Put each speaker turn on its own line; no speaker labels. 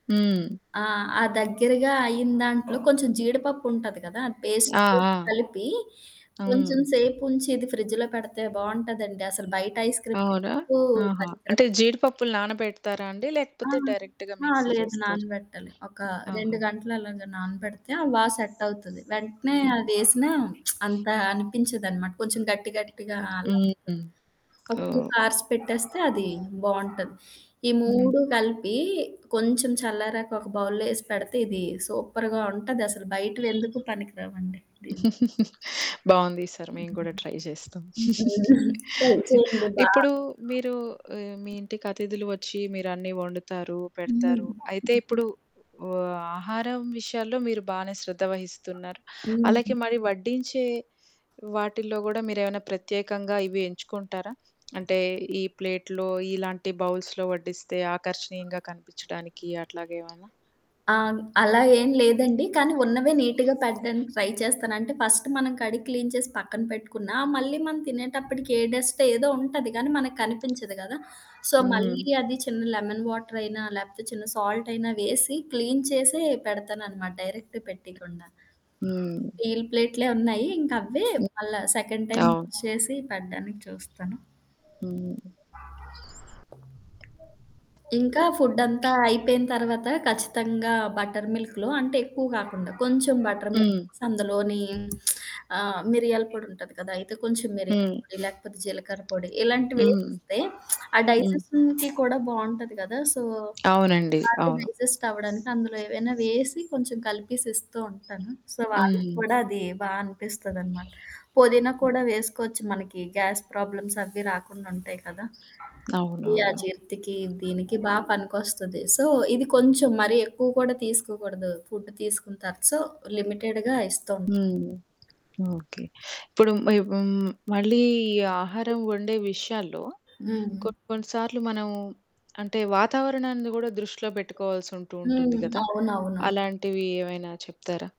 హ్మ్.
ఆ! ఆ దగ్గరగా అయిన దాంట్లో కొంచెం జీడిపప్పు ఉంటది గదా! అది పేస్ట్
ఆ!
చేసి
ఆ!
కలిపి కొంచెం
అవు
సేపుంచి ఇది ఫ్రిడ్జ్‌లో పెడితే బావుంటదండి. అసలు బయట ఐస్ క్రీమ్
అవునా?
ఎందుకూ
ఆహా!
పనికిరాదు.
అంటే, జీడిపప్పులు నానబెడతారా అండి?
ఆ!
లేకపోతే, డైరెక్ట్‌గా
ఆ
మిక్సీ
లేదు
చేస్తార?
నానబెట్టాలి. ఒక 2
ఆహా!
గంటలు అలాగా నానబెడితే ఆ బా సెట్ అవుతది. వెంటనే
హ్మ్.
అదేసినా అంత అనిపించదనమాట. కొంచెం గట్టి గట్టిగా అలా ఒస్తది.
హ్మ్.
ఒక 2
ఓహ్!
అవర్స్ పెట్టేస్తే అది బావుంటది. ఈ
హ్మ్.
3 కలిపి కొంచెం చల్లారాక ఒక బౌల్‌లో ఏసి పెడితే ఇది సూపర్‌గా ఉంటదసలు. బయట ఎందుకు పనికి రావండి దీనికి.
బావుంది. ఈ సారి మేము గూడా
హ్మ్.
ట్రై చేస్తాం.
హుహు. ట్రై చేయండి. బా
ఇప్పుడు మీరు హ్మ్. మీ ఇంటికి అతిథులు వచ్చి మీరన్నీ ఒండుతారు,
హ్మ్.
పెడతారు. అయితే. ఇప్పుడు ఓహ్! ఆహారం విషయాల్లో మీరు బానే శ్రద్ధ వహిస్తున్నారు. అలాగే
హ్మ్.
మరి వడ్డించే వాటిల్లో గూడా మీరేమన్నా ప్రత్యేకంగా ఇవి ఎంచుకుంటారా? అంటే, ఈ ప్లేట్‌లో ఇలాంటి బౌల్స్‌లో వడ్డిస్తే ఆకర్షణీయంగా కనిపిచ్చడానికి అట్లాగ ఏమైనా?
అవును. అలా ఏం లేదండి. కానీ, ఉన్నవే నీట్‌గా పెట్టడానికి ట్రై చేస్తాను. అంటే, ఫస్ట్ మనం కడిగి క్లీన్ చేసి పక్కన పెట్టుకున్నా మళ్ళీ మనం తినేటప్పటికి ఏ డస్ట్ ఏదో ఉంటది. కానీ, మనకు కనిపించదు కదా! సో,
హ్మ్.
మళ్ళీ అది చిన్న లెమన్ వాటర్ అయినా లేపోతే, చిన్న సాల్ట్ అయినా వేసి క్లీన్ చేసే పెడతాన్నమాట డైరెక్ట్ పెట్టయకుండా.
హ్మ్.
స్టీల్ ప్లేట్‌లే ఉన్నాయి. ఇంక అవ్వే
హ్మ్.
మళ్ళా సెకండ్ టైమ్
అవును.
యూజ్ చేసి పెడ్డానికి చూస్తాను.
హ్మ్.
ఇంకా ఫుడ్డంతా అయిపోయిన తర్వాత ఖచ్చితంగా బటర్ మిల్క్‌లో అంటే, ఎక్కువ కాకుండా కొంచెం బటర్
హ్మ్.
మిల్కేసి అందులోని ఆహ్, మిరియాల పొడి ఉంటది కదా! అయితే, కొంచెం మిరియాల
హ్మ్.
పొడి లేకపోతే, జీలకర్ర పొడి ఇలాంటివి
హ్మ్.
వేసిస్తే ఆ
హ్మ్.
డైజెషన్‌కి కూడా బావుంటది కదా! సో,
అవునండి.
బాగా
అవును.
డైజెస్ట్ అవ్వడానికి అందులో ఏవైనా వేసి కొంచెం కలిపేసి ఇస్తూ ఉంటాను. సో, వాళ్ళకి
హ్మ్.
కూడా అది బా అనిపిస్తదనమాట. పొదినాా కూడా వేసుకోవచ్చు మనకి గ్యాస్ ప్రాబ్లమ్స్ అవ్వి రాకుండుంటాయి కదా! ఈ
అవునవును.
అజీర్తికి దీనికి బా పనికొస్తది. సో, ఇది కొంచెం మరి ఎక్కువ కూడా తీసుకోకూడదు. ఫుడ్ తీసుకుంటారు. సో, లిమిటెడ్‌గా ఇస్తుంటా.
హ్మ్. ఓకే. ఇప్పుడు హ్మ్. మళ్ళీ ఈ ఆహారం వండే విషయాల్లో
హ్మ్.
కొన్ని కొన్ని సార్లు మనం అంటే, వాతావరణాన్ని గూడా దృష్టిలో పెట్టుకోవాల్సి ఉంటూ ఉంటుంది
హ్మ్.
గదా!
అవునవును.
అలాంటివి ఏమైనా చెప్తారా?